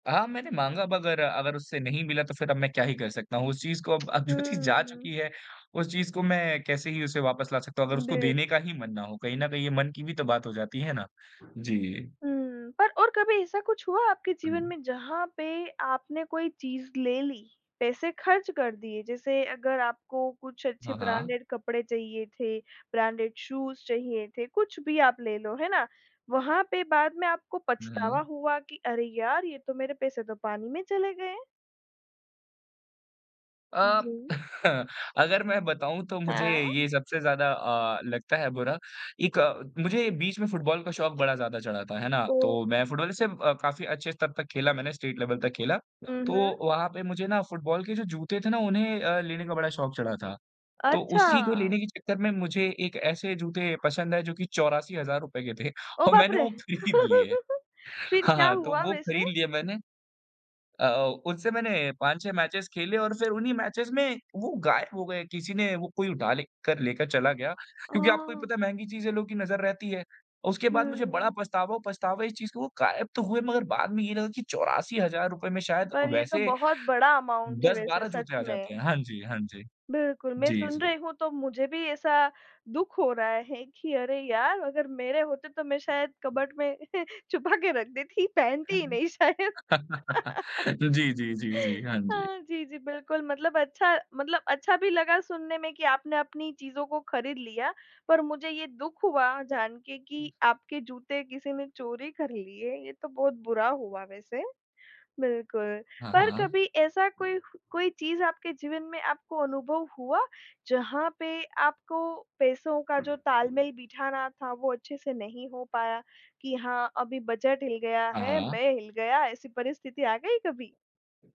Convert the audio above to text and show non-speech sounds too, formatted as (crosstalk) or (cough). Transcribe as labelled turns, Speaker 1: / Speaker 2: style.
Speaker 1: हाँ, मैंने माँगा अब अगर-अगर उससे नहीं मिला तो फिर अब मैं क्या ही कर सकता हूँ। उस चीज़ को अब अब जो चीज़ जा
Speaker 2: हम्म।
Speaker 1: चुकी है, उस चीज़ को मैं कैसे ही उसे वापस ला सकता हूँ, अगर उसको
Speaker 2: बिल
Speaker 1: देने का ही मन ना हो। कहीं न कहीं ये मन की भी तो बात हो जाती है ना? जी।
Speaker 2: हुँ। पर और कभी ऐसा कुछ हुआ आपके जीवन
Speaker 1: हुँ।
Speaker 2: में जहाँ पे आपने कोई चीज़ ले ली, पैसे खर्च कर दिए, जैसे अगर आपको कुछ अच्छे
Speaker 1: हाँ, हाँ।
Speaker 2: ब्रांडेड कपड़े चाहिए थे, ब्रांडेड शूज़ चाहिए थे, कुछ भी आप ले लो है ना, वहाँ पे बाद में आपको
Speaker 1: हुँ,
Speaker 2: पछतावा
Speaker 1: हुँ।
Speaker 2: हुआ की अरे यार, ये तो मेरे पैसे तो पानी में चले गए हैं?
Speaker 1: अ,
Speaker 2: जी।
Speaker 1: (laughs) अगर मैं बताऊँ, तो मुझे
Speaker 2: हाँ।
Speaker 1: ये सबसे ज़्यादा अ, लगता है बुरा। एक मुझे बीच में फुटबॉल का शौक बड़ा ज़्यादा चढ़ा था, है ना?
Speaker 2: ओ।
Speaker 1: तो मैं फुटबॉल से अ, काफ़ी अच्छे स्तर तक खेला मैंने, स्टेट लेवल तक खेला,
Speaker 2: हुँ,
Speaker 1: तो
Speaker 2: हुँ।
Speaker 1: वहाँ पे मुझे ना फुटबॉल के जो जूते थे ना उन्हें अ, लेने का बड़ा शौक चढ़ा था। तो उसी
Speaker 2: अच्छा।
Speaker 1: को लेने के चक्कर में मुझे एक ऐसे जूते पसंद आए जो कि ₹84,000 के थे
Speaker 2: ओह
Speaker 1: और
Speaker 2: बाप
Speaker 1: मैंने
Speaker 2: रे!
Speaker 1: वो खरीद लिए
Speaker 2: (laughs) फिर क्या
Speaker 1: हाँ, तो
Speaker 2: हुआ
Speaker 1: वो
Speaker 2: वैसे?
Speaker 1: खरीद लिया मैंने अ, उससे मैंने 5-6 मैचेस खेले और फिर उन्हीं मैचेस में वो गायब हो गए, किसी ने वो कोई उठा ले कर लेकर चला गया क्योंकि आपको भी
Speaker 2: औ।
Speaker 1: पता है महँगी चीजें लोगों की नज़र रहती है। उसके बाद मुझे बड़ा
Speaker 2: हम्म।
Speaker 1: पछतावा और पछतावा इस चीज़ का हुआ वो गायब तो हुए, मगर बाद में ये लगा कि ₹84,000 में शायद
Speaker 2: पर ये तो
Speaker 1: वैसे,
Speaker 2: बहुत बड़ा अमाउंट है,
Speaker 1: दस
Speaker 2: वैसे
Speaker 1: बारह
Speaker 2: सच
Speaker 1: जूते आ जाते
Speaker 2: में।
Speaker 1: हैं, हाँ जी, हाँ जी,
Speaker 2: बिल्कुल, मैं
Speaker 1: जी,
Speaker 2: सुन
Speaker 1: जी।
Speaker 2: रही हूँ तो मुझे भी ऐसा दुःख हो रहा है कि अरे यार, अगर मेरे होते तो मैं शायद कबर्ड में छुपा के रख देती पहनती ही नहीं शायद।
Speaker 1: (chuckles)
Speaker 2: (laughs)
Speaker 1: जी, जी, जी, जी, हाँ जी।
Speaker 2: हाँ, जी, जी, बिल्कुल, मतलब अच्छा मतलब अच्छा भी लगा सुनने में की आपने अपनी चीज़ों को खरीद लिया, पर मुझे ये दुःख हुआ जान के कि आपके जूते किसी ने चोरी कर लिए, ये तो बहुत बुरा हुआ वैसे, बिल्कुल,
Speaker 1: हाँ,
Speaker 2: पर
Speaker 1: हाँ।
Speaker 2: कभी ऐसा कोई कोई चीज़ आपके जीवन में आपको अनुभव हुआ, जहाँ पे आपको पैसों का जो तालमेल बिठाना था, वो अच्छे से नहीं हो पाया? कि हाँ, अभी बजट हिल गया
Speaker 1: हाँ,
Speaker 2: है,
Speaker 1: हाँ।
Speaker 2: मैं हिल गया ऐसी परिस्थिति आ गयी कभी?